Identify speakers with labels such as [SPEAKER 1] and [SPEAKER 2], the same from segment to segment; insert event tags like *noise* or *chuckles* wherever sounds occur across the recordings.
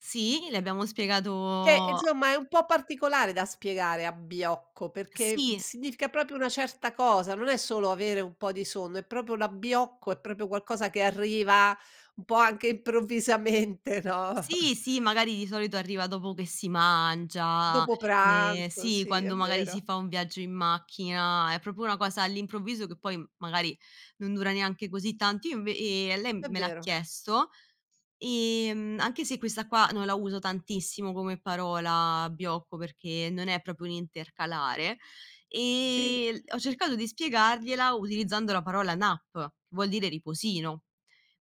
[SPEAKER 1] Sì, le abbiamo
[SPEAKER 2] Che
[SPEAKER 1] spiegato
[SPEAKER 2] insomma è un po' particolare da spiegare, abbiocco, perché
[SPEAKER 1] Sì.
[SPEAKER 2] significa proprio una certa cosa, non è solo avere un po' di sonno, è proprio l'abbiocco, è proprio qualcosa che arriva un po' anche improvvisamente, no?
[SPEAKER 1] Sì,
[SPEAKER 2] *chuckles*
[SPEAKER 1] sì, magari di solito arriva dopo che si mangia.
[SPEAKER 2] Dopo
[SPEAKER 1] Ehm,
[SPEAKER 2] pranzo,
[SPEAKER 1] sì,
[SPEAKER 2] sì, è
[SPEAKER 1] quando magari si
[SPEAKER 2] vero.
[SPEAKER 1] fa un viaggio in macchina, è proprio una cosa all'improvviso, che poi magari non dura neanche così tanto. Io inv ehm, a lem
[SPEAKER 2] È
[SPEAKER 1] me l'ha
[SPEAKER 2] vero.
[SPEAKER 1] chiesto, ehm, anche se questa qua non la uso tantissimo, come parola, abbiocco, perché non è proprio un intercalare,
[SPEAKER 2] Sì.
[SPEAKER 1] ehm, ho cercato di spiegargliela utilizzando la parola nap, che vuol dire riposino.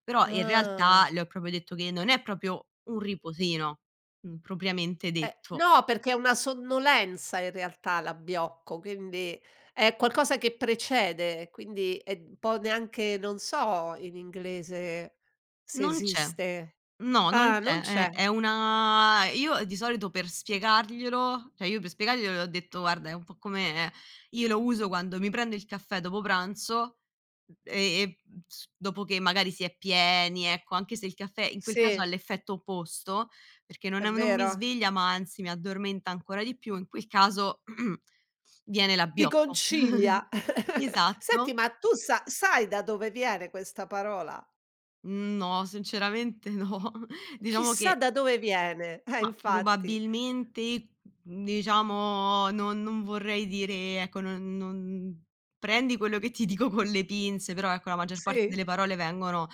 [SPEAKER 1] Però in realtà,
[SPEAKER 2] Ah.
[SPEAKER 1] le ho proprio detto che non è proprio un riposino, uhm, propriamente
[SPEAKER 2] Eh.
[SPEAKER 1] detto.
[SPEAKER 2] No, perché è una sonnolenza in realtà l'abbiocco, quindi, è qualcosa che precede, quindi è un po' neanche non so in inglese se
[SPEAKER 1] Non c'è.
[SPEAKER 2] esiste.
[SPEAKER 1] No, non
[SPEAKER 2] Ah, non
[SPEAKER 1] c'è. È
[SPEAKER 2] c'è.
[SPEAKER 1] è una e io di solito per spiegarglielo cioè, io per spiegarglielo, le ho detto: "Guarda è un po' come" io lo uso quando mi prendo il caffè dopo pranzo m e e s dopo che magari si è pieni, ecco, anche se il caffè in quel caso ha
[SPEAKER 2] Sì.
[SPEAKER 1] l'effetto opposto, perché non
[SPEAKER 2] È
[SPEAKER 1] è un non mi
[SPEAKER 2] vero.
[SPEAKER 1] sveglia, ma anzi, mi addormenta ancora di più, in quel caso, *clears throat* viene
[SPEAKER 2] Ti
[SPEAKER 1] l'abbiocco.
[SPEAKER 2] concilia.
[SPEAKER 1] *chuckles*
[SPEAKER 2] *chuckles* Senti
[SPEAKER 1] Esatto.
[SPEAKER 2] ma tu sa sai da dove viene questa parola?
[SPEAKER 1] No, sinceramente no. Diciamo
[SPEAKER 2] Chissà
[SPEAKER 1] che
[SPEAKER 2] da dove viene. Eh,
[SPEAKER 1] Mah,
[SPEAKER 2] infatti.
[SPEAKER 1] probabilmente, n diciamo non non vorrei dire, e ecco, non non prendi quello che ti dico con le pinze, però ecco, la maggior parte
[SPEAKER 2] Sì.
[SPEAKER 1] delle parole vengono, uhm,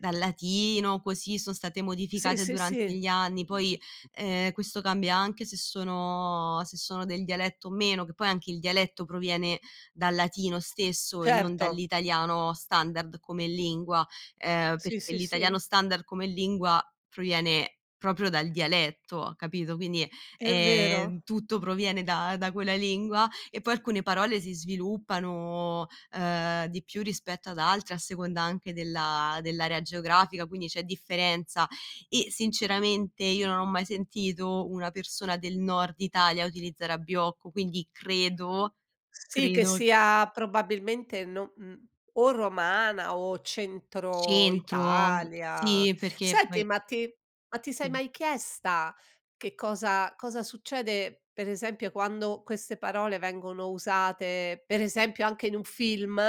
[SPEAKER 1] dal latino, così son state
[SPEAKER 2] Sì,
[SPEAKER 1] modificate
[SPEAKER 2] sì,
[SPEAKER 1] durante
[SPEAKER 2] sì.
[SPEAKER 1] gli anni, poi, ehm, questo cambia anche se sono se sono del dialetto o meno che poi anche il dialetto proviene dal latino stesso, e non
[SPEAKER 2] Certo.
[SPEAKER 1] dall'italiano standard come lingua, ehm,
[SPEAKER 2] Sì,
[SPEAKER 1] perché
[SPEAKER 2] sì, sì.
[SPEAKER 1] l'italiano standard come lingua, proviene proprio dal dialetto, capito? Quindi,
[SPEAKER 2] È vero.
[SPEAKER 1] ehm, tutto proviene da da quella lingua e poi alcune parole si sviluppano, ehm, di più rispetto ad altre, a seconda anche della dell'area geografica, quindi c'è differenza. E sinceramente, io non ho mai sentito una persona del nord Italia, utilizzare abbiocco, quindi credo
[SPEAKER 2] Sì, che
[SPEAKER 1] credo
[SPEAKER 2] sia probabilmente no mhmm, o romana o centro
[SPEAKER 1] Centro.
[SPEAKER 2] Italia.
[SPEAKER 1] Sì, perché
[SPEAKER 2] Senti,
[SPEAKER 1] poi
[SPEAKER 2] ma ti ma ti sei
[SPEAKER 1] Sì.
[SPEAKER 2] mai chiesta, che cosa cosa succede per esempio quando queste parole vengono usate per esempio anche in un film?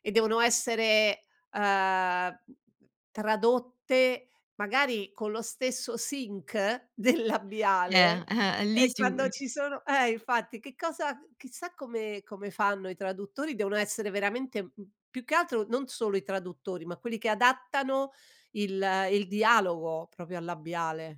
[SPEAKER 2] E devono essere, ehm, m m tradotte magari con lo stesso sync del
[SPEAKER 1] Eh,
[SPEAKER 2] labiale,
[SPEAKER 1] *chuckles* e lì
[SPEAKER 2] e
[SPEAKER 1] ci
[SPEAKER 2] quando
[SPEAKER 1] vuole
[SPEAKER 2] ci sono eh, infatti, che cosa c chissà come come fanno i traduttori, devono essere veramente m più che altro non solo i traduttori, ma quelli che adattano il il dialogo, proprio al labiale.